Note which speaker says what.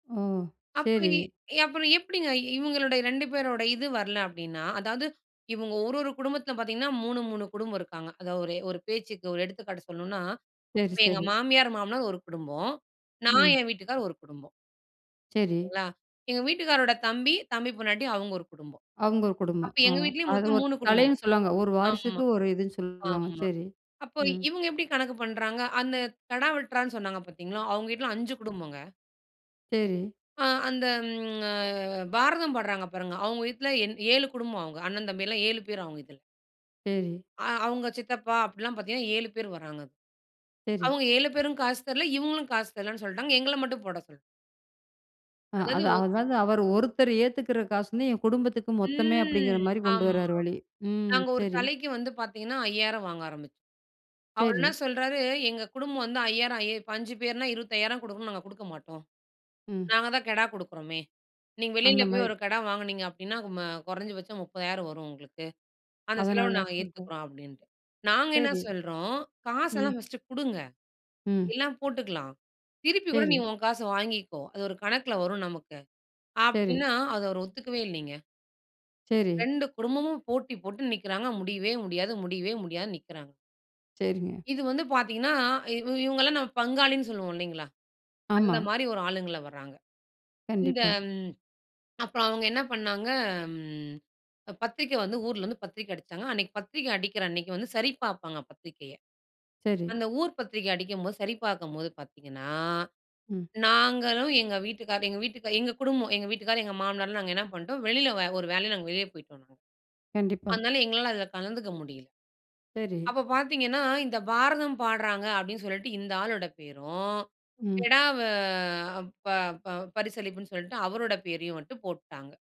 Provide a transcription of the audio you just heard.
Speaker 1: ஓ!
Speaker 2: அப்பவே
Speaker 1: சரி.
Speaker 2: ஏ அப்புறம் எப்படிங்க இவங்களுடைய 2 பேருடைய இது வரல அப்படின்னா, அதாவது இவங்க ஒரு ஒரு குடும்பத்தில பார்த்தீங்கன்னா 3- 3 குடும்பம் இருக்கிறாங்க. அதாவது ஒரு ஒரு பேச்சுக்கு, ஒரு எடுத்துக்காட்டு சொல்லனும்னா,
Speaker 1: சரி,
Speaker 2: இப்ப எங்க
Speaker 1: சரி.
Speaker 2: மாமியார், மாமனார் ஒரு குடும்பம். நான்
Speaker 1: ம்.
Speaker 2: என் வீட்டுக்காரர் ஒரு குடும்பம்.
Speaker 1: சரி.
Speaker 2: சரிங்களா? எங்க வீட்டுக்காரரோட தம்பி, தம்பி பொண்டாட்டி அவங்க ஒரு குடும்பம்.
Speaker 1: அவங்க ஒரு குடும்பம்.
Speaker 2: அப்ப எங்க
Speaker 1: ஆமா,
Speaker 2: வீட்டிலேயும்
Speaker 1: அது
Speaker 2: மொத்தம்
Speaker 1: ஒரு
Speaker 2: 3
Speaker 1: தலைனு
Speaker 2: குடும்பம்.
Speaker 1: சொல்லுவாங்க, ஒரு
Speaker 2: ஆமா.
Speaker 1: வாரிசுக்கு ஒரு இதுன்னு சொல்லுவாங்க.
Speaker 2: ஆமா.
Speaker 1: சரி,
Speaker 2: அப்போ
Speaker 1: ம்.
Speaker 2: இவங்க எப்படி கணக்கு பண்றாங்க, அந்த கெடா வெட்றான்னு சொன்னாங்க பார்த்தீங்களா? அவங்க வீட்ல 5 குடும்பங்க.
Speaker 1: சரி.
Speaker 2: ஆ அந்த, ம்ஹ பாரதம் பாடுறாங்க பாருங்க, அவங்க வீட்ல 7 குடும்பம். அவங்க அண்ணன், தம்பி எல்லாம் 7 பேர் அவங்க இதில.
Speaker 1: சரி.
Speaker 2: அவங்க சித்தப்பா அப்படில்லாம் பார்த்தீங்கன்னா, 7 பேர் வராங்க.
Speaker 1: சரி.
Speaker 2: அவங்க 7 பேரும் காசு தரல. இவங்களும் காசு தரலன்னு சொல்லிட்டாங்க எங்கள மட்டும் போட சொல்
Speaker 1: ஆ, அது,
Speaker 2: அதாவது
Speaker 1: அதாவது அவர் ஒருத்தர் ஏத்துக்கிற காசுல எங் குடும்பத்துக்கு மொத்தமே அப்படிங்கிற
Speaker 2: ம்
Speaker 1: மாரி கொண்டு
Speaker 2: ஆமா.
Speaker 1: வரார் வழி, ம்.
Speaker 2: நாங்க ஒரு
Speaker 1: சரி.
Speaker 2: தலைக்கு வந்து பார்த்தீங்கன்னா 5,000 வாங்க ஆரம்பிச்சோம். அவர் என்ன
Speaker 1: சரி.
Speaker 2: சொல்றாரு எங்க குடும்பம் வந்து 5,000 5 பேர்னா 25,000 குடுக்கணும். நாங்க குடுக்க மாட்டோம்.
Speaker 1: ம்.
Speaker 2: நாங்க தான் கெடா குடுக்குறோமே, நீங்க
Speaker 1: அந்த
Speaker 2: வெளியில போய்
Speaker 1: மாரி.
Speaker 2: ஒரு கெடா வாங்கினீங்க அப்படின்னா கொறஞ்சபட்சம் 30,000 வரும் உங்களுக்கு. அந்த செலவ
Speaker 1: அதனால
Speaker 2: நாங்க
Speaker 1: சொல்றேன்.
Speaker 2: ஏத்துக்கிறோம் அப்படின்ட்டு. நாங்க என்ன
Speaker 1: சரி.
Speaker 2: சொல்றோம்
Speaker 1: ம்.
Speaker 2: காசெல்லாம் ஃபர்ஸ்ட்டு குடுங்க
Speaker 1: ம்.
Speaker 2: எல்லாம் போட்டுக்கலாம். திருப்பி கூட நீ
Speaker 1: சரி.
Speaker 2: உன் காச வாங்கிக்கோ, அது ஒரு கணக்கில வரும் நமக்கு
Speaker 1: சரி.
Speaker 2: அப்படின்னா, அத அவர் ஒத்துக்கவே இல்லைங்க.
Speaker 1: சரி.
Speaker 2: 2 குடும்பமும் போட்டி போட்டு நிக்றாங்க. முடியவே முடியாது, முடியவே முடியாது நிக்றாங்க.
Speaker 1: சரிங்க.
Speaker 2: இது வந்து பார்த்தீங்கன்னா, இவங்கள்லாம் நம்ம பங்காளின்னு சொல்வோம் இல்லிங்களா? அந்த
Speaker 1: ஆமா.
Speaker 2: மாரி ஒரு ஆளுங்கள வராங்க. இந்த
Speaker 1: கண்டிப்பா.
Speaker 2: அப்புறம் அவங்க என்ன பண்ணாங்க, பத்திரிக்கை வந்து ஊர்ல இருந்து பத்திரிக்க அடிச்சாங்க, அன்னைக்கு பத்திரிக்க அடிக்கிற அன்னிக்கு வந்து சரி பார்ப்பாங்க, பத்திரிகைய.
Speaker 1: சரி.
Speaker 2: அந்த ஊர் பத்திரிக அடிக்கும்போது சரி பார்க்கும்போது பார்த்தீங்கன்னா,
Speaker 1: ம்.
Speaker 2: நாங்களும் எங்க வீட்டுக்காரர் எங்க வீட்டுக்கார், எங்க குடும்பம், எங்க வீட்டுக்காரர், எங்க மாமனார்லாம் நாங்க என்ன பண்டோம், வெளியில ஒரு வேலையா நாங்க வெளியே போய்ட்டோம்.
Speaker 1: கண்டிப்பா.
Speaker 2: அதனால எங்களால அதில கலந்துக்க முடியல.
Speaker 1: சரி.
Speaker 2: அப்போ பார்த்தீங்கன்னா, இந்த பாரதம் பாட்றாங்க அப்படின்னு சொல்லிட்டு இந்த ஆளோட பேரும்,
Speaker 1: ம்.
Speaker 2: கெடவ ப ப பரிசளிப்புன்னு சொல்லிட்டு அவருடைய பேரையும் மட்டும் போட்டுட்டாங்க.